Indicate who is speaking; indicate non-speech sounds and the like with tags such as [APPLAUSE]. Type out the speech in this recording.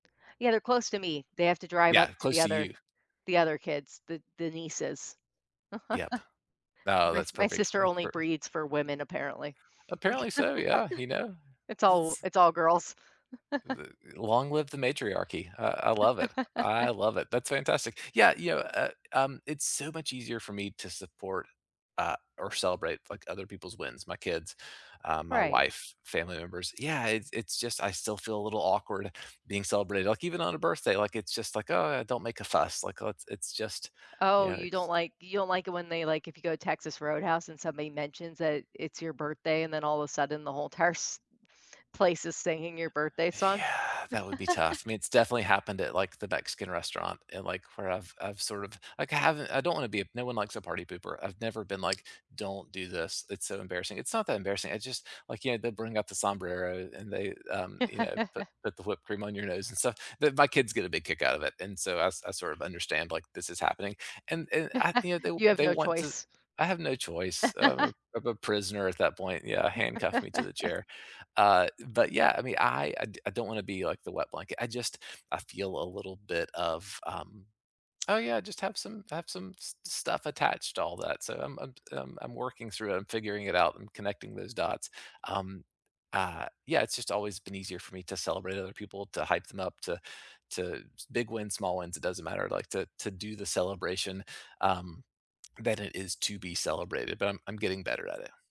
Speaker 1: Yeah, they're close to me. They have to drive
Speaker 2: Yeah,
Speaker 1: up to the
Speaker 2: close to
Speaker 1: other
Speaker 2: you.
Speaker 1: the other kids, the the nieces.
Speaker 2: Yep. No,
Speaker 1: [CHUCKLES] My
Speaker 2: that's
Speaker 1: my
Speaker 2: perfect,
Speaker 1: sister
Speaker 2: that's
Speaker 1: only
Speaker 2: perfect
Speaker 1: breeds for women, apparently.
Speaker 2: Apparently so, yeah, you know,
Speaker 1: [CHUCKLES] It's all
Speaker 2: it's
Speaker 1: it's all girls.
Speaker 2: L
Speaker 1: [CHUCKLES]
Speaker 2: long live the matriarchy. I I love it. I
Speaker 1: [CHUCKLES]
Speaker 2: love it. That's fantastic. Yeah, you know, uh, um, it's so much easier for me to support, uh, or celebrate, like, other people's wins, my kids, uh, my
Speaker 1: Right.
Speaker 2: wife, family members. Yeah, it's it's just I still feel a little awkward being celebrated, like, even on a birthday, like, it's just, like, oh, don't make a fuss, like, let's, it's just, you
Speaker 1: Oh,
Speaker 2: know,
Speaker 1: you don't,
Speaker 2: it's
Speaker 1: like you don't, like, it when they, like, if you go to Texas Roadhouse and somebody mentions that it's your birthday and then all of a sudden the whole entire s place is singing your birthday song.
Speaker 2: Yeah, that would be tough.
Speaker 1: [CHUCKLES]
Speaker 2: I mean, it's definitely happened at, like, the Mexican restaurant and, like, where I've I've sort of, like, I haven't, I don't wanna be, no one likes a party pooper. I've never been, like, don't do this. It's so embarrassing. It's not that embarrassing. It's just, like, you know, they bring out the sombrero and they, um, you know, put
Speaker 1: [CHUCKLES]
Speaker 2: put the whipped cream on your nose and stuff. But, my kids get a big kick out of it. And so I I sort of understand, like, this is happening. And and I, you know,
Speaker 1: [CHUCKLES] You have
Speaker 2: they they
Speaker 1: no
Speaker 2: want to,
Speaker 1: choice.
Speaker 2: I have no choice
Speaker 1: [CHUCKLES]
Speaker 2: of of a prisoner at that point, yeah, handcuffed me to the
Speaker 1: [LAUGHS]
Speaker 2: chair. Uh, but yeah, I mean, I I I don't want to be, like, the wet blanket. I just, I feel a little bit of, um, oh, yeah, I just have some have some stuff attached to all that, so I'm, I'm I'm I'm working through it I'm figuring it out, I'm connecting those dots. Um, uh, yeah, it's just always been easier for me to celebrate other people, to hype them up, to to big wins, small wins, it doesn't matter, like, to to do the celebration, um, than it is to be celebrated, but I'm I'm getting better at it.